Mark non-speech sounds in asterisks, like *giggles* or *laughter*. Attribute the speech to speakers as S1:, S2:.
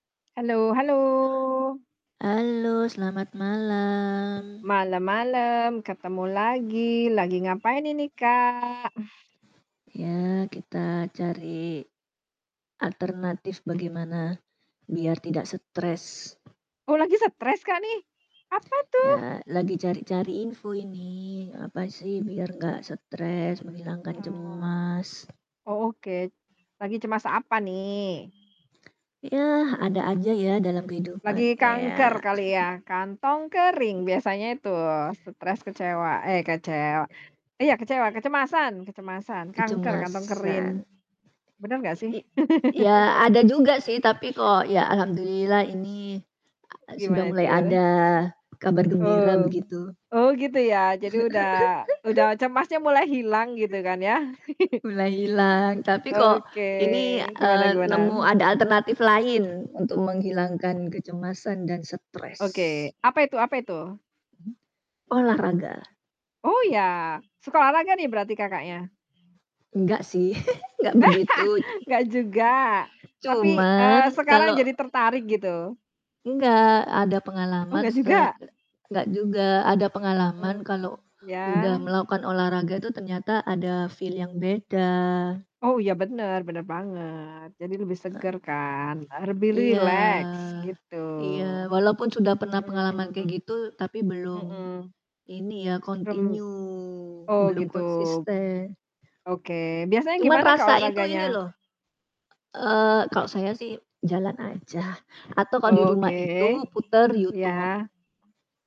S1: Halo, halo.
S2: Halo selamat malam.
S1: Malam, malam. Ketemu lagi, lagi ngapain ini Kak? *exhales*
S2: Ya kita cari alternatif bagaimana biar tidak stres.
S1: Oh lagi stres Kak, nih? Apa tuh?
S2: Ya. Lagi cari-cari info ini. Apa sih biar gak stres, menghilangkan
S1: Ah.
S2: cemas.
S1: Oh, oke lagi cemas apa nih?
S2: Ya ada aja ya, dalam
S1: Lagi
S2: kehidupan,
S1: kanker
S2: ea.
S1: kali ya? Kantong kering
S2: *chuckles*
S1: biasanya itu stres, kecewa. Eh, kecewa iya, kecewa, kecemasan! Kecemasan kanker, kantong kering.
S2: Kecemasan.
S1: Bener gak sih?
S2: I i iya ada
S1: *laughs*
S2: juga sih tapi kok ya alhamdulillah ini
S1: O
S2: a sudah
S1: gimana
S2: mulai
S1: itu?
S2: ada kabar gembira
S1: Oh.
S2: begitu.
S1: Oh gitu ya jadi udah udah
S2: *giggles*
S1: cemasnya mulai hilang gitu
S2: *chuckles*
S1: kan ya? *chuckles*
S2: Mulai hilang, tapi
S1: A
S2: kok
S1: oke,
S2: ini,
S1: gimana
S2: eee,
S1: gimana?
S2: nemu ada alternatif lain untuk menghilangkan kecemasan dan stres.
S1: Oke, apa itu apa itu?
S2: Mhm. Olahraga.
S1: Oh ya? Suka olahraga nih berarti Kakaknya?
S2: Enggak sih, *chuckles* enggak begitu ik
S1: *laughs* Enggak juga, tapi, eee,
S2: Cuman
S1: sekarang
S2: kalo
S1: jadi tertarik gitu?
S2: Enggak, ada
S1: Oh
S2: pengalaman
S1: gak
S2: se
S1: juga?
S2: ke enggak juga, ada pengalaman
S1: Mmm,
S2: kalo udah
S1: ya.
S2: melakukan olahraga itu ternyata ada feel yang beda.
S1: Oh, iya bener, bener banget. Jadi lebih
S2: Heeh.
S1: seger kan? Eh, lebih
S2: Iya,
S1: rileks gitu.
S2: iya. Walaupun sudah
S1: Mhm
S2: pernah
S1: mhm
S2: pengalaman kayak gitu tapi
S1: mhm,
S2: belum
S1: mhm.
S2: ini ya
S1: Rem
S2: kontinyu,
S1: oh
S2: belum
S1: gitu.
S2: konsisten.
S1: Oke, biasanya
S2: Cuman
S1: gimana Kak,
S2: rasa itu
S1: olahraganya?
S2: ini loh, e eee, kalau saya sih jalan aja atau kalau di
S1: Oh,
S2: rumah itu
S1: oke.
S2: puter YouTube.
S1: Iya.